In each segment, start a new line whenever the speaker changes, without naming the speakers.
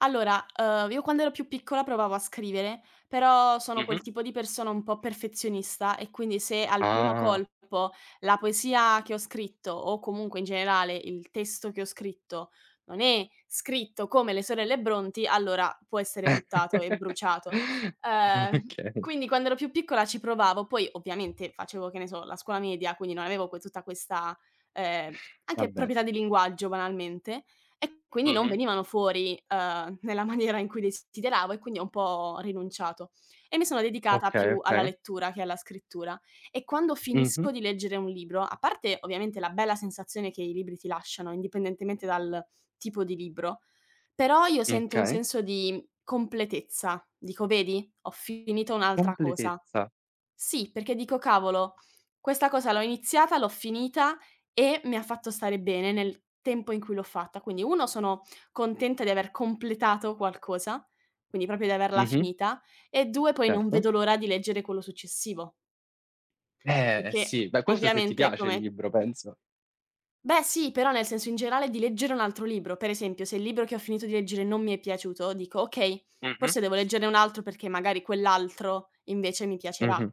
Allora, ehm, io quando ero più piccola, provavo a scrivere, però sono
Mh-mh.
quel tipo di persona un po' perfezionista, e quindi se al primo
Ah.
colpo la poesia che ho scritto, o comunque in generale il testo che ho scritto, non è scritto come le sorelle Brontë, allora può essere buttato e bruciato. Ehm,
Okay.
quindi quando ero più piccola ci provavo, poi ovviamente facevo, che ne so, la scuola media, quindi non avevo que tutta questa, ehm, anche
Vabbè.
proprietà di linguaggio banalmente, e quindi non
Mh-mh.
venivano fuori, ehm, nella maniera in cui desideravo e quindi ho un po' rinunciato e mi sono dedicata
Okay,
più alla
okay.
lettura che alla scrittura. E quando finisco
Mh-mh.
di leggere un libro, a parte, ovviamente, la bella sensazione che i libri ti lasciano indipendentemente dal tipo di libro, però io sento un
Okay.
senso di completezza. Dico: "Vedi? Ho finito un'altra cosa".
Completezza.
Sì, perché dico: "Cavolo, questa cosa l'ho iniziata, l'ho finita e mi ha fatto stare bene nel tempo in cui l'ho fatta". Quindi 1 sono contenta di aver completato qualcosa, quindi proprio di averla
Mh-mh.
finita, e 2 poi non
Certo.
vedo l'ora di leggere quello successivo.
Eh
Perché
sì, beh questo se ti
ovviamente
piace il
come
libro penso.
Beh sì, però nel senso in generale di leggere un altro libro. Per esempio, se il libro che ho finito di leggere non mi è piaciuto, dico: "Okay,
Mh-mh.
forse devo leggerne un altro perché magari quell'altro invece mi piacerà".
Mh-mh.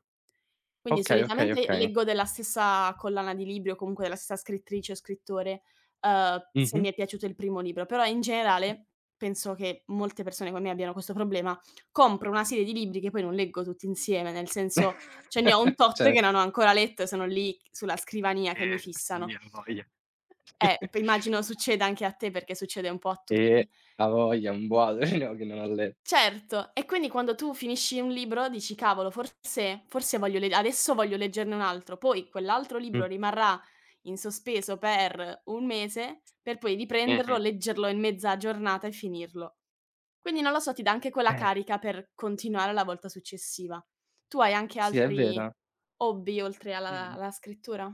Quindi
Okay, okay,
solitamente
okay.
leggo della stessa collana di libri o comunque della stessa scrittrice o scrittore, ehm, se mi
Mh-mh.
è piaciuto il primo libro. Però in generale penso che molte persone come me abbiano questo problema: compro una serie di libri che poi non leggo tutti insieme, nel senso, ce ne ho un tot che non ho
Certo.
ancora letto e sono lì sulla scrivania che mi
Eh sì,
fissano.
avoglia.
Eh, immagino succeda anche a te perché succede un po' a
Eh
tutti.
avoglia un boato ce ne ho che non ha letto
Certo, e quindi quando tu finisci un libro dici: "Cavolo, forse forse voglio le adesso voglio leggerne un altro". Poi quell'altro
Mh.
libro rimarrà in sospeso per 1 mese per poi riprenderlo,
Mh-mh.
leggerlo in mezza giornata e finirlo. Quindi non lo so, ti dà anche quella
Eh.
carica per continuare la volta successiva. Tu hai anche
Sì, è
altri
vera.
hobby oltre
Dimmi,
alla
di
alla scrittura?